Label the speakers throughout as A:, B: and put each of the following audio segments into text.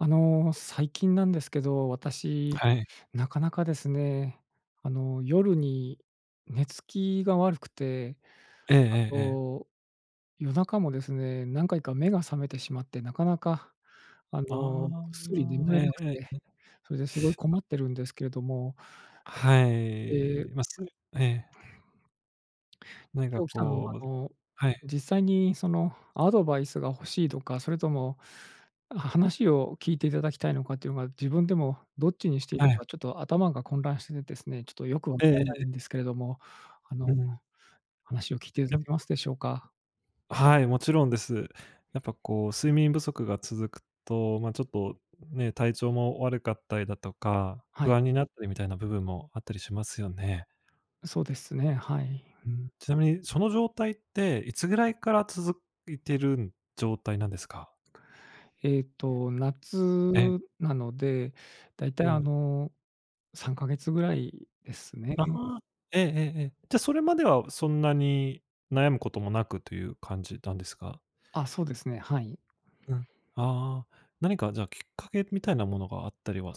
A: あの、最近なんですけど、私、
B: はい。
A: なかなかですね、あの、夜に寝つきが悪くて。
B: えええ
A: あ
B: えええ。
A: と、夜中もですね、何回か目が覚めてしまって。なかなか、あ
B: あ
A: の、ぐっすり眠
B: あ。え
A: れ
B: え
A: なく
B: ええ
A: て。
B: ええ。
A: それですごい困
B: あ。
A: ってるんですけれども。
B: は
A: ええ。
B: い。ますええ。な
A: で、
B: んか
A: 今日来たのもあ
B: こう
A: の
B: はい。
A: 実際にその、アドバイスが欲しいとか、それとも、あ、話を聞いていただきたいのかっていうのが、自分でもどっちにしていいの
B: はい。
A: かちょっと頭が混乱しててですね。ちょっとよくわか
B: ええええ
A: らない
B: え。
A: んですけれども。あの
B: うん。
A: 話を聞いてい
B: や
A: [unintelligible] ますでしょうか？
B: はい、もちろんです。やっぱこう睡眠不足が続くと、まちょっとね、体調も悪かったりだとか、
A: はい。
B: 不安になったりみたいな部分もあったりしますよね。
A: そうですね、はい。
B: うん。ちなみに、その状態っていつぐらいから続いてるん状態なんですか？
A: えっと夏
B: え。
A: なので、大体
B: う
A: あ
B: ん。
A: の3ヶ月ぐらいです
B: あ
A: ね。
B: あ、ええええええ。じゃあ、それまではそんなに、悩む事もなくという感じなんですか？
A: あ、そうですね、はい。
B: うん。ああ、何かじゃあきっかけみたいなものがあったりは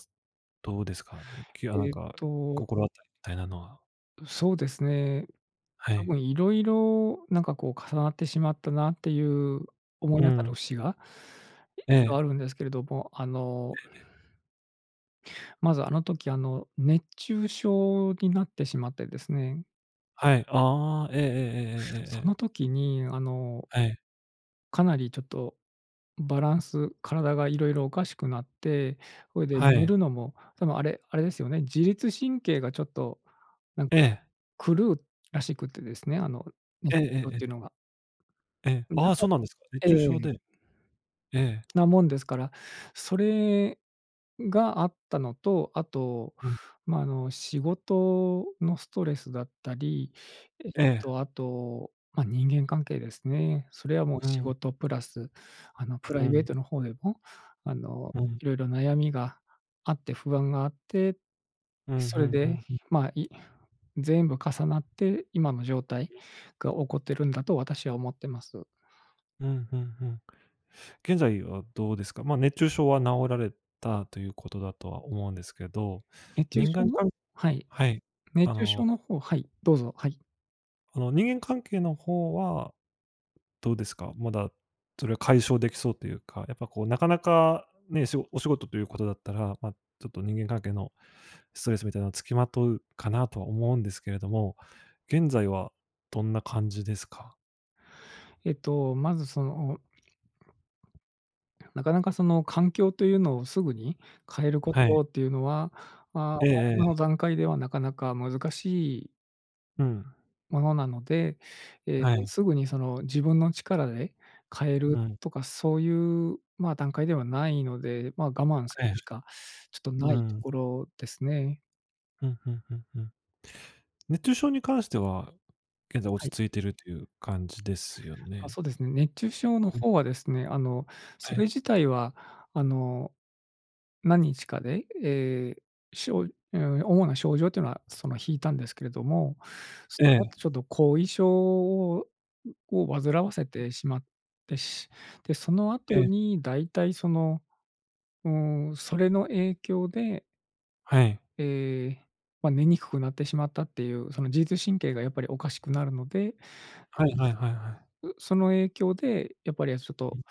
B: どうですか？あの、きあなん
A: えっ
B: か
A: と。
B: 心当たりたいなのは。
A: そうですね。
B: は
A: 多
B: い。
A: 分色々なんかこう、重なってしまったなっていう、思い
B: う
A: 当たる
B: ん。
A: 節が一応
B: ええ。
A: あるんですけれども、あの
B: ええ。
A: まずあの時あの、熱中症になってしまってですね。
B: はい。ああ、えええええええええ
A: そ
B: えええ。
A: の時にあの
B: はい。
A: かなりちょっとバランス、体がいろいろおかしくなって、それで
B: は
A: 寝
B: い。
A: るのも、多分あれあれですよね、自律神経がちょっとなん
B: え
A: か、
B: え。
A: 狂うらしくてですね、あの熱
B: ええ
A: 中
B: え
A: 症っ
B: ええ
A: ていう
B: え。
A: のが。
B: え、
A: うん、だ
B: ああ、
A: か
B: そ
A: ら
B: うなんですか。熱
A: え
B: 中症
A: え。
B: で。ええ。
A: なもんですから、それがあったのと、あと、
B: うん。
A: ま、あの、仕事のストレスだったり、えっ
B: ええ。
A: とあと、ま、人間関係ですね。それはもう
B: う
A: 仕
B: ん。
A: 事プラスあのプラ
B: う
A: イベー
B: ん。
A: トの方でも、あの
B: うん。
A: いろいろ悩みがあって不安があって、
B: うん
A: そ
B: う
A: れ
B: んう
A: で
B: んうん。
A: ま、い全部重なって今の状態
B: ん。
A: が起こってるんだと私は思ってます。
B: うんうんうん。現在はどうですか？まあ熱中症は治られたという事だとは思うんですけど。
A: 熱中
B: 人
A: 症
B: 間
A: の
B: かん
A: はい。
B: はい、
A: 熱
B: あ
A: 中症
B: の
A: の方はい、どうぞ、はい。
B: あの、人間関係の方は、どうですか？まだそれは解消できそうというか、やっぱこうなかなかね、しごお仕事という事だったら、ま、ちょっと人間関係のストレスみたいなのつきまとうかなとは思うんですけれども。現在はどんな感じですか？
A: えっと、まずそのなかなかその環境というのをすぐに変えるこ
B: はい。
A: とっていうのは、まあ、あ、
B: えええ
A: 今
B: え。
A: の段階ではなかなか難しい
B: うん。
A: ものなので、ええ、
B: はい。
A: すぐにその自分の力で変え
B: う
A: る
B: ん。
A: とかそういう、ま、段階ではないので、ま、我慢する
B: ええ。
A: しかちょっとな
B: う
A: いと
B: ん。
A: ころですね。
B: ふんふんふん、うん。熱中症に関しては、現在
A: は
B: 落ち
A: い。
B: 着いてるっていう感じですよ
A: あ、
B: ね？
A: そうですね。熱中症の
B: うん。
A: 方はですね、あの、
B: は
A: それ
B: い。
A: 自体はあの、何日かで、ええ、しょうん、主な症状っていうのは、その、引いたんですけれども、そ
B: え
A: のあと
B: え。
A: ちょっと後遺症を、うをわずらわせてしまって、しで、その
B: え
A: 後
B: え。
A: にだいたいその、うーん、それの影響で。
B: はい。
A: ええ。ま、寝にくくなってしまったっていう、その自律神経がやっぱりおかしくなるので、
B: はいはいはいはい。
A: うその影響でやっぱりあ、しょっ
B: う
A: と、
B: ん。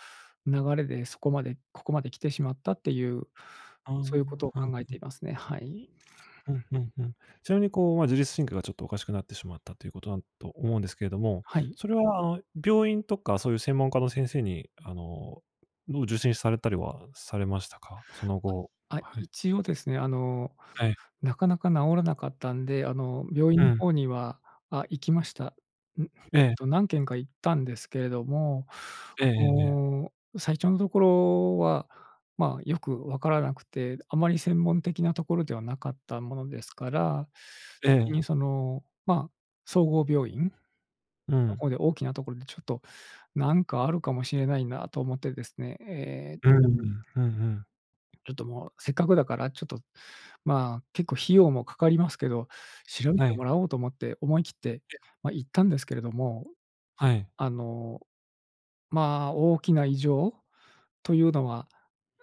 A: 流れでそこまでここまで来てしまったっていう、
B: ああ、は
A: そういうことを
B: ん、
A: 考え
B: う
A: て
B: ん。
A: いますね、はい。
B: ふん、うんうん。ちなみに、こう、ま、自律神経がちょっとおかしくなってしまったという事だんと思うんですけれども、
A: はい。
B: それは、あ、病院とかそういう専門家の先生に、あのの受診されたりはされましたか？その後、
A: あ、
B: はい。
A: 一応ですね、あの、
B: はい。
A: なかなか治らなかったんで、あの、病院
B: う
A: の
B: ん。
A: 方には、あ、行きました。うん、
B: ええ。
A: と、何件か行ったんですけれども、
B: ええええええ。
A: もう、最初のところは、ま、よくわからなくて、あまり専門的なところではなかったものですから。
B: え
A: ぎ
B: え。
A: にその、ま、総合病院
B: う
A: と
B: ん。
A: こで、大きなところでちょっと、なんかあるかもしれないなと思ってですね、ええ。
B: うーん。ふんふん。
A: ちょっともう、せっかくだから、ちょっと、まあ、結構費用もかかりますけど、調べ
B: は
A: て
B: い。
A: もらおうと思って、思い切って、
B: げ
A: ま、行ったんですけれども。
B: はい。
A: あの、まあ、大きな異常というのは、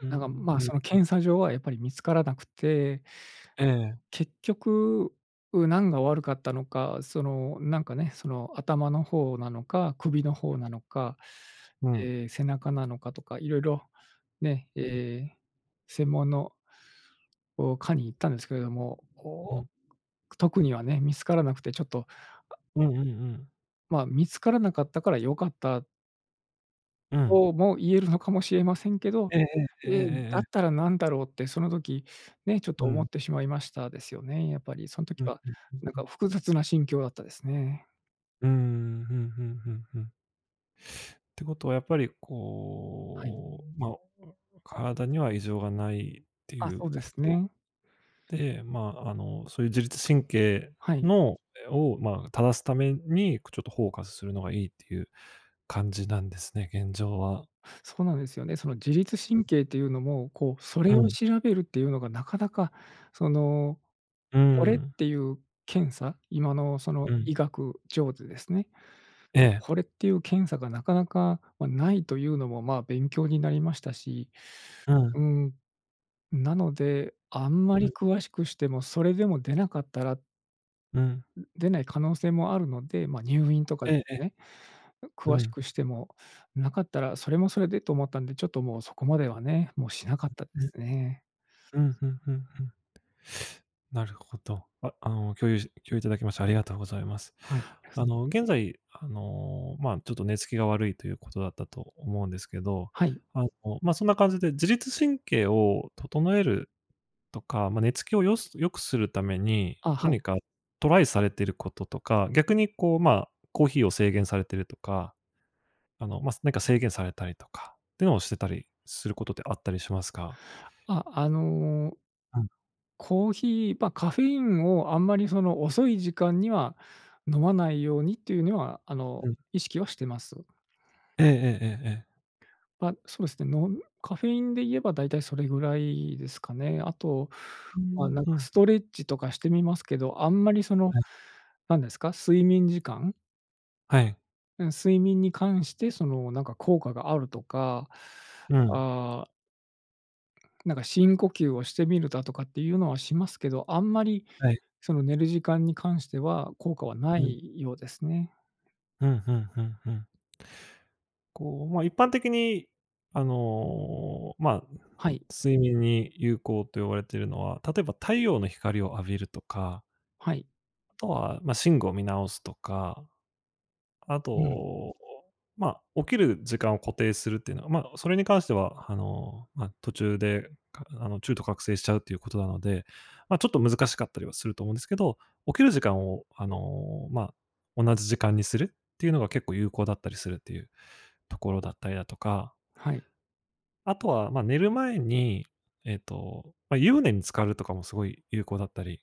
B: う
A: うん、なんか、
B: ん、
A: ま、
B: うん
A: その
B: うん。
A: 検査上はやっぱり見つからなくて。
B: ええ。
A: 結局、う、なんが悪かったのか、その、なんかね、その頭の方なのか、首の方なのか、
B: うん。
A: ええ、背中なのかとか、いろいろ、ね、え
B: うん。
A: え、専門のお、科に行ったんですけれども、お
B: う
A: お、
B: ん。
A: 特にはね、見つからなくてちょっと。あ
B: うんうんうん。
A: まあ、見つからなかったから良かった
B: うん。
A: とも言えるのかもしれませんけど、
B: ええええ、ええ
A: え、
B: えええ
A: だっ
B: え。
A: たら、なんだろう？って、その時ね、ちょっ
B: う
A: と思っ
B: ん。
A: てしまいました、ですよね、やっぱり、そん時
B: うん、
A: は
B: ふんふん
A: なん
B: ふ
A: か
B: ん。
A: 複雑な心境だったですね。
B: うーん、ふんふんふんふん。てことは、やっぱり
A: はい。
B: こう、ま、おあ、体には異常がないって
A: あ、
B: いう
A: そうで
B: 事
A: すね。
B: で、まあ、あの、そういう自律神経
A: はい。
B: のえ、を、まあ、正すために、くちょっとホーカスするのがいいっていう感じなんですね、現状は。
A: そうなんですよね、その自律
B: う
A: 神
B: ん。
A: 経っていうのも、こう、そ
B: う
A: れを
B: ん。
A: 調べるっていうのがなかなか、その、
B: うー
A: これっ
B: ん。
A: ていう検査、今の、その、
B: うん。
A: 医学上でですね、
B: ええ。
A: これっていう検査がなかなか、ま、ないというのも、ま、勉強になりましたし、
B: うん。
A: うん。なので、あんま
B: う
A: り
B: ん。
A: 詳しくしても、それでも出なかったら
B: うん。
A: ん、出ない可能性もあるので、ま、入院とかで
B: ええ、え。
A: ね、う
B: う
A: 詳し
B: ん。
A: くしても、なかったら、それもそれでと思ったんで、ちょっともうそこまではね、もうしなかったで
B: ん、に
A: すね。
B: うん、ふんふんふん。なるほど。ああの、共有し共有頂きましてありがとうございます。
A: はい。
B: あの、現在、あの、まあ、ちょっと寝つきが悪いという事だったと思うんですけど、
A: はい。
B: あの、ま、そんな感じで自律神経を整えるとか、ま、寝つきをよす良くするために、
A: あ、はい。
B: 何かトライされてることとか、逆にこう、まあ、コーヒーを制限されてるとか、あの、ま、すなんか制限されたりとかってをしてたりする事ってあったりしますか？
A: あ、あの
B: うん。
A: コーヒーま、カフェインをあんまり、その、遅い時間には飲まないようにっていうぬは、あの、
B: うん。
A: 意識はしてます。
B: ええええええええ。
A: ま、そうですね、のんカフェインで言えば大体それぐらいですかね。あと、
B: うー
A: ま、
B: ん、
A: なん
B: ふ
A: か
B: ん。
A: ストレッチとかしてみますけど、あんまり、その、
B: はい。
A: なんですか、睡眠時間
B: はい。
A: うん。睡眠に関して、その、なんか効果があるとか。
B: うん。
A: ああなんか深呼吸をしてみるだとかっていうのはしますけど、あんまり、
B: はい。
A: その、寝る時間に関しては効果はな
B: うん。
A: いようですね。
B: ふんふんふんふん。こう、ま、一般的に、あの、まあ、
A: はい。
B: 睡眠に有効と言われてるのは、例えば太陽の光を浴びるとか
A: はい。
B: あとは、ま、寝具を見直すとか、あと、
A: うん。
B: お、まあ、起きる時間を固定するってのは、ま、それに関しては、あの、ま、途中でかあの、中途覚醒しちゃうっていう事なので、ま、ちょっと難しかったりはすると思うんですけど、起きる時間を、あの、まあ、同じ時間にするってゆうのが結構有効だったりするっていう所だったりだとか
A: はい。
B: 後は、ま、寝る前に、えっと、ま、湯船に浸かるとかもすごい有効だったり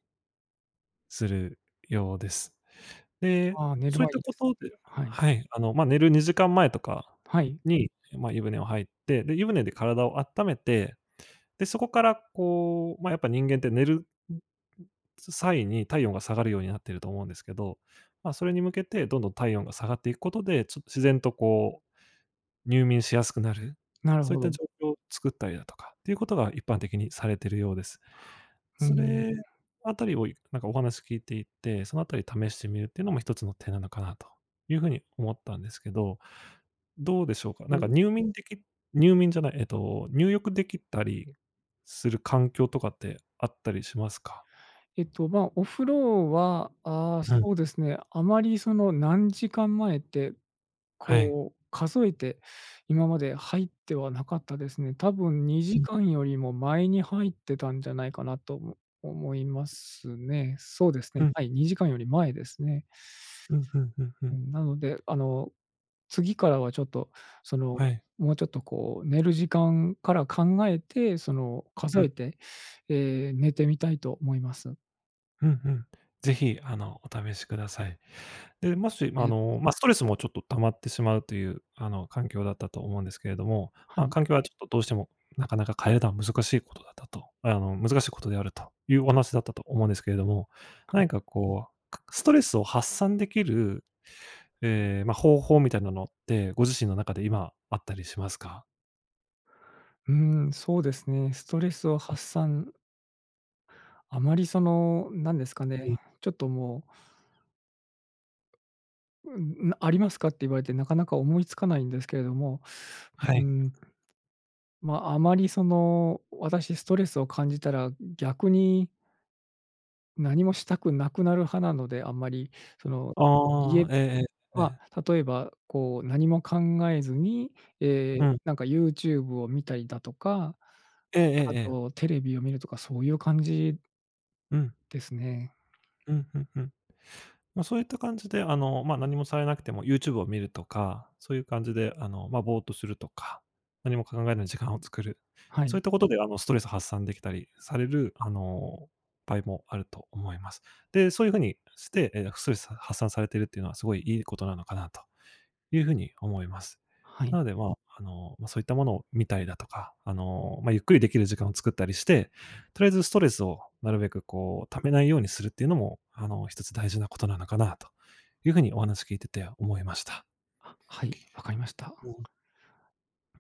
B: するようです。で、
A: あ、寝る
B: そいっ
A: 前
B: た
A: にです、
B: 事で
A: うん、はい。
B: はい、あの、ま、寝る2時間前とか
A: はい。
B: に、ま、湯船を入って、で、湯船で体をあっためて、で、そこからこう、ま、やっぱ人間って寝る、ん、ん、際に体温が下がるようになってると思うんですけど、ま、それに向けてどんどん体温が下がっていくことで、ちょっと、自然とこう入眠しやすくなる、
A: なる
B: そい
A: ほ
B: った
A: ど。
B: 状況を作ったりだとかっていう事が一般的にされてるようです。
A: うー
B: そ
A: ん。
B: れあたりを、いなんかお話聞いていて、その辺り試してみるってのも1つの手なのかなとゆう風に思ったんですけど。どうでしょうか？
A: お、
B: なんか、
A: う。
B: 入眠でき入眠じゃない、えっと、入浴できたりする環境とかってあったりしますか？
A: えっと、まあ、お風呂は、ああ、
B: うん。
A: そうですね、あまり、その、何時間前って、
B: はい。
A: こう、数えて、今まで入ってはなかったですね。多分に
B: う
A: じ
B: ん。
A: かんよりも前に入ってたんじゃないかなとも思いますね。そうですね、
B: うん。
A: はい、2時間より前ですね。
B: うん、ふんふんふ
A: う
B: ん。
A: ん、なので、あの、次からはちょっと、その、
B: はい。
A: もうちょっとこう寝る時間から考えて、その、数
B: うん。
A: えて、ええ、寝てみたいと思います。
B: うんうん、是非あのお試しください。で、もしあ
A: え。
B: の、ま、ストレスもちょっと溜まってしまうという、あの環境だったと思うんですけれども。
A: は
B: ま、
A: い。
B: 環境はちょっとどうしてもなかなか変えるのは難しい事だったと、あの難しい事であるというお話だったと思うんですけれども。
A: は
B: な
A: い。
B: にかこう、かストレスを発散できる、ええ、ま、方法みたいなのってご自身の中で今あったりしますか？
A: うーん、そうですね、ストレスを
B: うん。
A: 発散あまりそのなんですか
B: え。
A: ね、ちょっともううん、うありますかって言われてなかなか思いつかないんですけれども、
B: は
A: うー
B: い。
A: ん、ま、あまりその私ストレスを感じたら、逆に何もしたくなくなる派なので、あんまりその、家
B: ああ、
A: で
B: ええええ、え
A: ま、
B: え。
A: 例えばこう何も考えずに、え
B: う
A: え、
B: ん。
A: なんか YouTube を見たりだとか、
B: えええ
A: あ
B: えええ。
A: と、テレビを見るとか、そういう感じ
B: うん。
A: ですね。
B: うんうんうん。まそういった感じで、あの、ま、何もされなくてもユーチューブを見るとか、そういう感じであのま、ぼうっとするとか、何も考えない時間を作る。
A: はい。
B: そういった事であのストレス発散できたりされるあの、場合もあると思います。で、そういう風にして、ええ、ストレス発散されてるっていうのはすごい良い事なのかなという風に思います。
A: はい。
B: なので、ま、あの、ま、そういったものを見たりだとか、あの、ま、ゆっくり出来る時間を作ったりして、とりあえずストレスをなるべくこう溜めないようにするっていうのもあの、1つ大事な事なのかなという風にお話聞いてて思いました。
A: あ、はい、わかりました。
B: うん。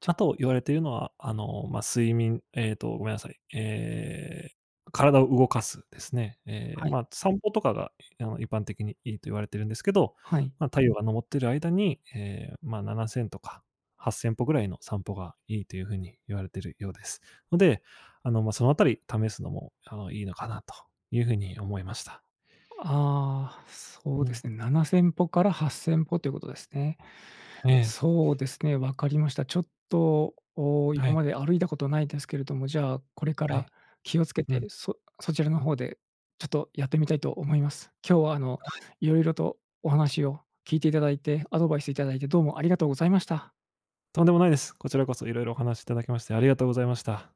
A: ち
B: あ
A: ゃ
B: と言われているのは、あのま、睡眠、えっと、ごめんなさい。ええ、体を動かすですね。え、
A: はい。
B: ま、散歩とかがあの一般的に良いと言われてるんですけど、
A: はい。
B: ま、太陽が昇っている間に、え、ま、7000とか8000歩くらいの散歩が良いという風に言われているようですので、あのま、その辺り試すのもあのいいのかなという風に思いました。
A: ああ、そう
B: う
A: で
B: ん。
A: すね、7000歩から8000歩ということですね。
B: ええ。
A: そうですね、わかりました。ちょっと、お
B: は
A: 今
B: い。
A: まで歩いたことないですけれども、じゃあこれか
B: は
A: ら
B: い。
A: 気をつけ
B: う
A: て、
B: ん。
A: そそちらの方で、ちょっとやってみたいと思います。今日はあの、
B: はい。
A: 色々とお話を聞いていただいて、アドバイスいただいてどうもありがとうございました。
B: とんでもないです。こちらこそ色々お話し頂きましてありがとうございました。